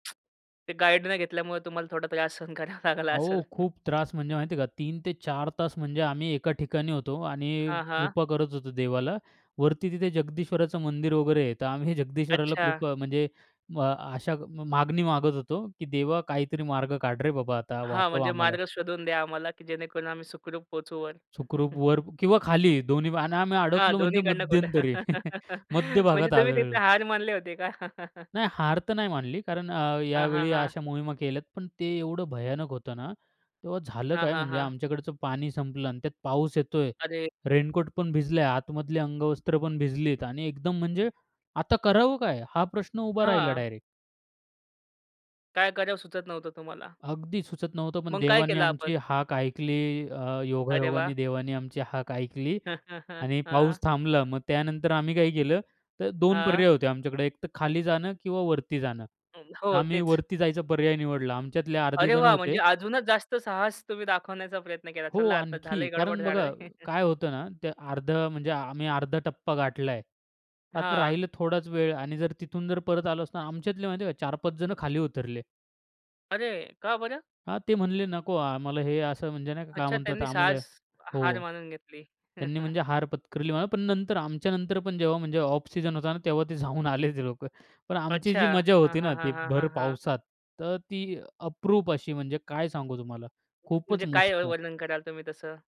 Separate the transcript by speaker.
Speaker 1: ते गाईड न घेतल्यामुळे तुम्हाला थोडा त्रास सहन करावा लागला असेल.
Speaker 2: अहो, खूप त्रास म्हणजे माहिती आहे का 3-4 तास म्हणजे आम्ही एका ठिकाणी होतो आणि
Speaker 1: हां, हां.
Speaker 2: कृपा करत होतो देवाला. वरती तिथे जगदीश्वराचं मंदिर वगैरे आहे तर आम्ही जगदीश्वराला
Speaker 1: अच्छा.
Speaker 2: कृपा म्हणजे अ, आशा म मागणी मागत होतो, की "देवा, काहीतरी मार्ग काढ रे बाबा! आता
Speaker 1: हां,
Speaker 2: वाचव
Speaker 1: म्हणजे
Speaker 2: आम्हाला."
Speaker 1: मार्ग शोधून द्या आम्हाला, की जेणेकरून आम्ही सुखरूप पोहचू वर.
Speaker 2: सुखरूप वर किंवा खाली दोन्ही आणि आम्ही
Speaker 1: हां,
Speaker 2: अडकलो
Speaker 1: दोन्ही
Speaker 2: म्हणजे
Speaker 1: कडनं खोटं,
Speaker 2: मध्यंतरी मध्य
Speaker 1: म्हणजे
Speaker 2: भागात
Speaker 1: तुम्ही तिथे
Speaker 2: आदळलो.
Speaker 1: हार मानले होते का?
Speaker 2: नाही हार तर नाही मानली कारण अ,
Speaker 1: हां, हां,
Speaker 2: यावेळी
Speaker 1: हां.
Speaker 2: अशा मोहिमा केल्यात, पण ते एवढं भयानक होतं ना, तेव्हा झालं
Speaker 1: हां,
Speaker 2: काय
Speaker 1: हां,
Speaker 2: म्हणजे
Speaker 1: हां.
Speaker 2: आमच्याकडचं पाणी संपलं आणि त्यात पाऊस येतोय.
Speaker 1: अरे
Speaker 2: रेनकोट पण भिजला, आतमधली अंगवस्त्रपण भिजलीत आणि एकदम म्हणजे आता करावं काय? हा प्रश्न उभा राहिला
Speaker 1: हां.
Speaker 2: डायरेक्ट.
Speaker 1: काय कराव सुचत नव्हतं तुम्हाला?
Speaker 2: अगदी सुचत नव्हतं. पण
Speaker 1: मग काय
Speaker 2: देवाने
Speaker 1: केलं
Speaker 2: आमची
Speaker 1: आपण?
Speaker 2: हाक ऐकली अ,
Speaker 1: अरे वाह!
Speaker 2: योगायोगाने देवाने आमची हाक ऐकली आणि पाऊस थांबला. मग त्यानंतर आम्ही काय केलं तर 2
Speaker 1: हां.
Speaker 2: पर्याय होते आमच्याकडे एकतर खाली जाणं किंवा वरती जाणं.
Speaker 1: हं. हो,
Speaker 2: आम्ही
Speaker 1: तेच.
Speaker 2: वरती जायचा पर्याय निवडला. आमच्यातले अर्धे
Speaker 1: अरे
Speaker 2: जण
Speaker 1: वाह! म्हणजे
Speaker 2: होते
Speaker 1: अजूनच जास्त साहस तुम्ही दाखवण्याचा प्रयत्न केला.
Speaker 2: हो,
Speaker 1: चला आता
Speaker 2: आणखी.
Speaker 1: झालंय गडबड
Speaker 2: कारण
Speaker 1: [unintelligible]
Speaker 2: बघा, काय होतं ना ते अर्धं म्हणजे आम्ही अर्धा टप्पा गाठला आहे. आता
Speaker 1: हां.
Speaker 2: राहिलं थोडाच वेळ आणि जर तिथून जर परत आलो असतो ना, आमच्यातले माहिती आहे का 4-5 जण खाली उतरले.
Speaker 1: अरे, का बरं?
Speaker 2: हां, ते म्हणाले नको आम्हाला हे असं म्हणजे नाही का काय
Speaker 1: अच्छा
Speaker 2: म्हणतात
Speaker 1: त्यांनी
Speaker 2: आम्हाला
Speaker 1: साहस हार
Speaker 2: हो.
Speaker 1: मानून घेतली.
Speaker 2: त्यांनी म्हणजे हार पत्करली म्हणा. पण नंतर आमच्यानंतर पण जेव्हा म्हणजे ऑफ सिजन होता ना तेव्हा ते जाऊन आले ते लोक. पण आमची
Speaker 1: अच्छा.
Speaker 2: जी मजा
Speaker 1: हां,
Speaker 2: होती
Speaker 1: हां,
Speaker 2: ना
Speaker 1: हां,
Speaker 2: ती
Speaker 1: हां,
Speaker 2: भर
Speaker 1: हां, हां.
Speaker 2: पावसात तर ती अप्रूप अशी म्हणजे काय सांगू तुम्हाला. खूपच
Speaker 1: म्हणजे काय अ,
Speaker 2: मस्त.
Speaker 1: वर्णन कराल तुम्ही तसं?